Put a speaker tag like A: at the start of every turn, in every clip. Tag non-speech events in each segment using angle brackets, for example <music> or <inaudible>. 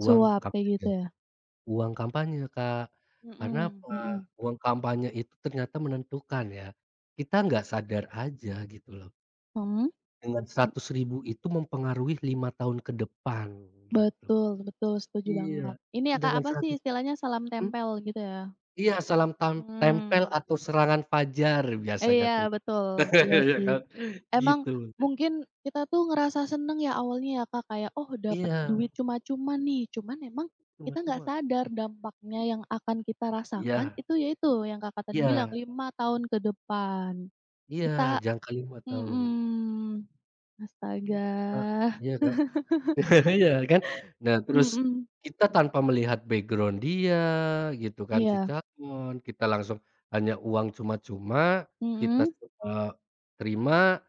A: Uang
B: Suap, kayak gitu,
A: kampanye
B: ya?
A: uang kampanye, Kak. Karena
B: Heeh
A: apa?
B: heeh.
A: Uang kampanye itu ternyata menentukan, ya. Kita nggak sadar aja, gitu loh.
B: Hmm?
A: Dengan RP100.000 itu mempengaruhi 5 tahun ke depan, gitu.
B: Betul betul, setuju banget.
A: Iya.
B: Ini ya, Kak,
A: Sedangkan
B: apa
A: 100
B: sih istilahnya, salam
A: mmm?
B: tempel, gitu ya?
A: Iya, salam tam tempel
B: Mmm.
A: atau serangan fajar biasanya
B: Iya,
A: tuh,
B: betul. Iya,
A: <laughs> ya
B: sih.
A: kan?
B: Emang
A: Gitu. <unintelligible>
B: mungkin kita tuh ngerasa senang ya awalnya ya Kak, kayak, "Oh, dapat duit
A: Iya.
B: cuma-cuma nih". Cuman emang kita enggak
A: Cuma-cuma.
B: sadar dampaknya yang akan kita rasakan,
A: Iya.
B: itu ya itu yang Kakak tadi bilang,
A: Iya.
B: 5 tahun ke depan,
A: Iya,
B: kita
A: jangka 5 tahun.
B: mhm, astaga.
A: Gitu, Kak. Iya, Kak.
B: <laughs>
A: <chuckles> Iya kan? Nah, terus
B: Mhm.
A: kita tanpa melihat background dia gitu kan, si
B: Iya.
A: calon, kita langsung hanya uang cuma-cuma, kita
B: Mhm?
A: semua terima,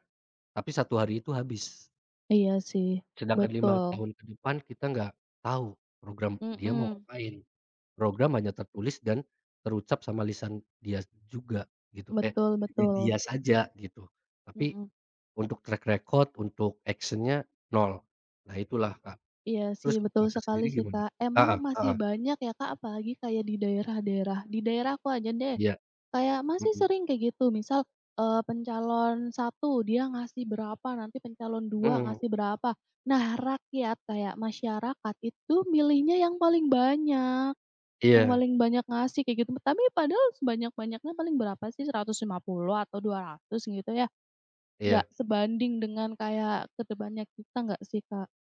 A: tapi 1 hari itu habis.
B: Iya sih.
A: Sedangkan 5
B: Betul.
A: tahun ke depan, kita nggak tahu program dia mau
B: Mhm.
A: ngapain. Program hanya tertulis dan terucap sama lisan dia juga, gitu eh,
B: Betul
A: hanya
B: betul.
A: dia saja, gitu. Tapi,
B: Mhm.
A: untuk track record, untuk action-nya nol, nah itulah, Kak.
B: Iya
A: Terus
B: sih, betul
A: Kakak
B: sekali
A: sendiri
B: sih,
A: gimana?
B: Kak. Emang
A: Heeh
B: masih
A: heeh.
B: banyak ya Kak, apalagi kayak di daerah-daerah. Di daerahku aja deh,
A: Iya.
B: kayak masih
A: Heeh.
B: sering kayak gitu misal, eee, pencalon 1 dia ngasih berapa, nanti pencalon 2
A: Heeh.
B: ngasih berapa. Nah, rakyat kayak masyarakat, itu milihnya yang paling banyak yang
A: Iya.
B: paling banyak ngasih, kayak gitu. Tapi padahal sebanyak-banyaknya, paling berapa sih? Rp150.000 atau Rp200.000 gitu ya? Enggak
A: Iya.
B: sebanding dengan kayak ke depannya kita enggak sih, Kak?